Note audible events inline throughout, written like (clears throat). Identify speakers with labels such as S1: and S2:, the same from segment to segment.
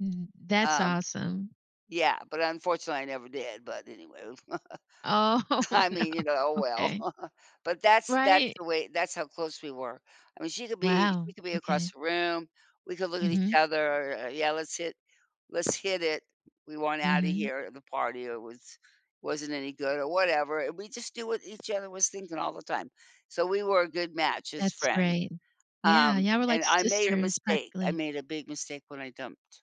S1: Mhm, that's
S2: Um,
S1: awesome.
S2: yeah, but unfortunately I never did, but anyway v
S1: Oh,
S2: (laughs) I
S1: no,
S2: mean, you know, oh well.
S1: okay.
S2: (laughs) But that's that's
S1: Right.
S2: the way that's how close we were. I mean she could be
S1: Wow,
S2: we could be across
S1: okay.
S2: the room, we could look at each
S1: Mhm.
S2: other, "Yeah, let's hit let's hit it," we want outta
S1: Mhm.
S2: here, the party, yeah, was wasn't any good or whatever. We just do what each other was thinking all the time. So we were a good match as
S1: That's
S2: friends.
S1: great. Yeah,
S2: Um,
S1: yeah, we're
S2: and
S1: like
S2: I made a
S1: sisters,
S2: mistake; I
S1: practically.
S2: made a big mistake when I dumped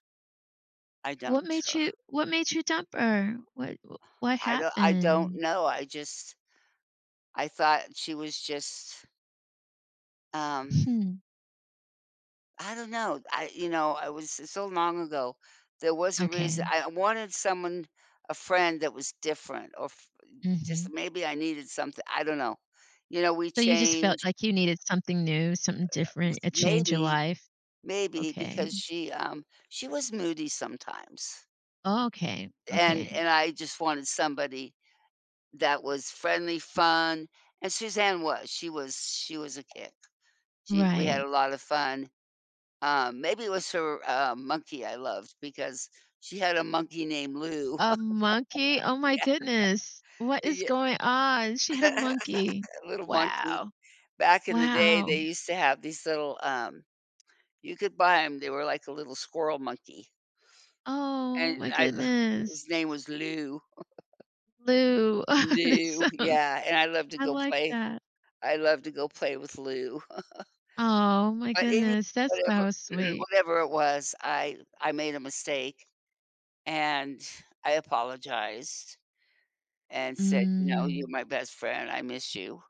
S2: I
S1: What
S2: dumped
S1: made
S2: her.
S1: you what made you dump her? What w what
S2: I do I don't
S1: happened?
S2: know, I just I thought she was just um
S1: Hmm.
S2: I don't know. I you know, I was it's so long ago. There was a reason,
S1: Okay.
S2: I wanted someone a friend that was different or f just,
S1: Mhm.
S2: maybe I needed something I don't know. You know we
S1: So you just felt
S2: changed
S1: like you needed something new, something
S2: uh (unintelligible)
S1: different, a change in
S2: maybe
S1: life?
S2: maybe
S1: Okay.
S2: because she, um she was moody sometimes.
S1: Oh, okay.
S2: And
S1: Okay.
S2: and I just wanted somebody that was friendly, fun, and Suzanne was. She was she was a kick. She we had
S1: Right.
S2: a lotta fun. Um, maybe it was her, um, monkey I loved, because she had a monkey named Lou.
S1: A monkey? Oh
S2: (laughs)
S1: my
S2: Yeah.
S1: goodness. What is
S2: Ye
S1: going on?
S2: e
S1: She had a monkey.
S2: (laughs) little monkey.
S1: Wow!
S2: Back in the day
S1: Wow.
S2: they used to have these little, um you could buy 'em, they were like a little squirrel monkey.
S1: Oh
S2: and
S1: my
S2: I
S1: goodness.
S2: his name was Lou. (chuckles)
S1: Lou. Oh, that's
S2: Lou,
S1: so
S2: yeah, and I loved to
S1: I
S2: go
S1: like
S2: play
S1: that.
S2: I loved to go play with Lou. (chuckles)
S1: Oh my
S2: But any
S1: goodness, that's
S2: whatever
S1: so
S2: (clears throat)
S1: sweet.
S2: whatever it was, I I made a mistake, and I apologized and said, you know, "You're
S1: Mm.
S2: my best friend, I miss you."